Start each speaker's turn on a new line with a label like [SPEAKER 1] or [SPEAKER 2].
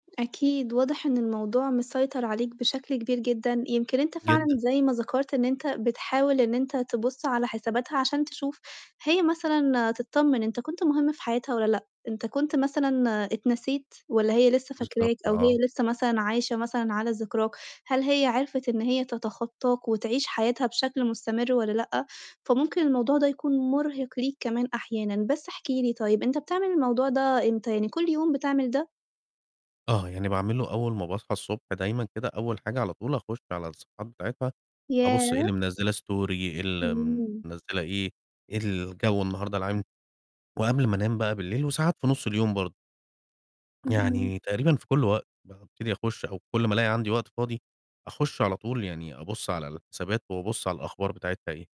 [SPEAKER 1] أكيد، واضح إن الموضوع مسيطر عليك بشكل كبير جدًا، يمكن أنت فعلًا
[SPEAKER 2] جدًا.
[SPEAKER 1] زي ما ذكرت إن أنت بتحاول إن أنت تبُصّ على حساباتها، عشان تشوف هي مثلًا تطمّن أنت كُنت مُهم في حياتها والّا لأ، أنت كُنت مثلًا اتنسيت والّا هي لِسّه
[SPEAKER 2] بالضبط،
[SPEAKER 1] فاكراك أو
[SPEAKER 2] آه.
[SPEAKER 1] هي لِسّه مثلًا عايشة مثلًا على ذِكراك، هل هي عرفِت إن هي تتخطّاك وتعيش حياتها بشكل مُستمر والّا لأ؟ فممكن الموضوع ده يكون مرهِق ليك كمان أحيانًا، بس احكِ لي طيب أنت بتعمل الموضوع ده إمتى يعني كل يوم بتعمل ده؟
[SPEAKER 2] آه، يعني باعمله أول ما باصحى الصبح دايمًا كده أول حاجة على طول، أخُشّ على الصفحات بتاعِتها أبُصّ إيه
[SPEAKER 1] ياه!
[SPEAKER 2] اللي مِنزّله story إيه اللي م
[SPEAKER 1] إمم.
[SPEAKER 2] مِنزّله إيه؟ إيه الجو النهارده العام، وقبل ما أنام بقى بالليل، وساعات في نُص اليوم برضه.
[SPEAKER 1] اهم.
[SPEAKER 2] يعني تقريبًا في كل وق بابتدي أخُشّ، أو كل ما الاقي عندي وقت فاضي، أخُشّ على طول يعني أبُصّ على الحسابات وأبُصّ على الأخبار بتاعِتها إيه.